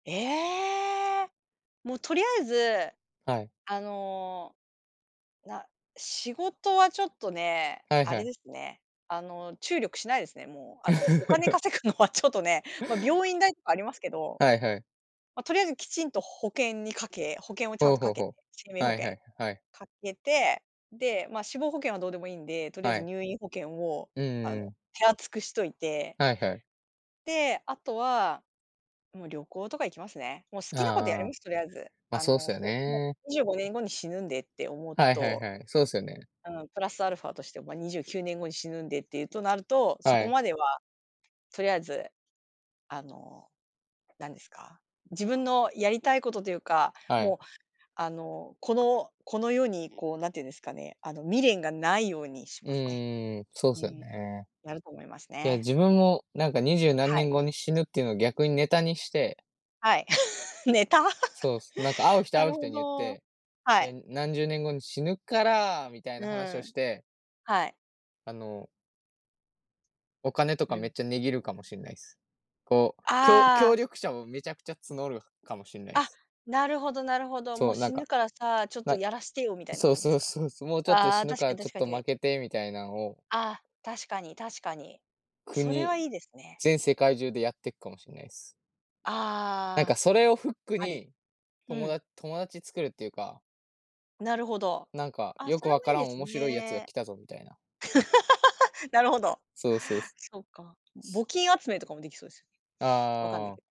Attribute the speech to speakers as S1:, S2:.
S1: ええ。もうとりあえず、
S2: はい。
S1: あの、な、仕事はちょっとね、
S2: はい
S1: あ
S2: は
S1: れ
S2: い。
S1: ですね、あの注力しないですね、もう。あのお金 稼ぐのはちょっとね、ま、病院代とかありますけど、
S2: はいはい。
S1: ま、とりあえずきちんと保険にかけ保険をちゃ
S2: ほ
S1: ん
S2: う
S1: と
S2: ほ
S1: か
S2: うほ
S1: けて、生
S2: う。
S1: 命保
S2: はいは
S1: 険
S2: い、はい。
S1: かけて、で、ま、死亡保険はどうでもいいんで、とりあえ
S2: は
S1: ず
S2: い。
S1: 入院保険を、
S2: う
S1: あの
S2: ーん。
S1: 手厚くしといて。
S2: はいはい。
S1: で、あとは、もう旅行とか行きますね。もう好きなことやりま
S2: ああ。
S1: す、とりあえず。
S2: まあ、
S1: あ
S2: そうっす
S1: の、
S2: よ
S1: こう、も
S2: ね。
S1: う25年後に死ぬんでって思う
S2: はいはい
S1: と
S2: はい、そうですよね。
S1: うん、プラスアルファとして、ま、29年後に死ぬんでっていうとなると、そ
S2: は
S1: こ
S2: い。
S1: までは、とりあえず、あの、なんですか、自分のやりたいことというか、
S2: はい。
S1: もうあの、このこの世にこう、なんていうんですかね、あの未練がないようにし
S2: う
S1: ますね。
S2: ーん、そう
S1: う
S2: すよ
S1: ん。
S2: ね。
S1: やると思います
S2: いや、
S1: ね。
S2: 自分もなんか二十何
S1: はい。
S2: 年後に死ぬっていうの逆にネタにして。
S1: はい。ネタ。
S2: そうす、なんか会う 人
S1: な
S2: 会う
S1: る
S2: 人
S1: ほ
S2: に言っ
S1: ど。
S2: て、
S1: はい。
S2: で、何十年後に死ぬから、みたい
S1: う
S2: な話を
S1: ん。
S2: して
S1: はい。
S2: あのお金と
S1: う
S2: かめ
S1: ん。
S2: っちゃ値切るかもしんないす。こう、きょ
S1: あ
S2: 協
S1: あ。
S2: 力者をめちゃくちゃ募るかもしんないで
S1: あ、
S2: す。
S1: なるほどなるほど。「も
S2: そ
S1: う
S2: う、なん
S1: 死
S2: か
S1: ぬからさ、ちょっと
S2: な
S1: やらしてよ」みたいな
S2: そう
S1: 感じで
S2: そ
S1: す
S2: う
S1: か？
S2: そうそう、もうちょっと
S1: あ
S2: 死
S1: あ、
S2: ぬ
S1: 確
S2: か
S1: か
S2: ら、
S1: に
S2: ちょ
S1: 確
S2: っ
S1: か
S2: とま
S1: に。
S2: けてみたいなんを
S1: あ、確かに確かに。それは
S2: 国
S1: いいですね。
S2: 全世界中でやってくかもしんないっす。なんか
S1: ああ。
S2: それをフック
S1: あり。
S2: に、
S1: う
S2: とも
S1: ん。
S2: だ友達作るっていうか
S1: なるほど。
S2: なんか、
S1: あ、
S2: よ
S1: そ
S2: く
S1: れ
S2: 分
S1: もい
S2: か
S1: い
S2: ら
S1: で
S2: ん
S1: す
S2: 面白いやつが
S1: ね。
S2: 来たぞみたいな。
S1: なるほど。
S2: そう、そうす。
S1: そっか、募金集めとかもできそうですよね。わかんない
S2: ああ。
S1: けど。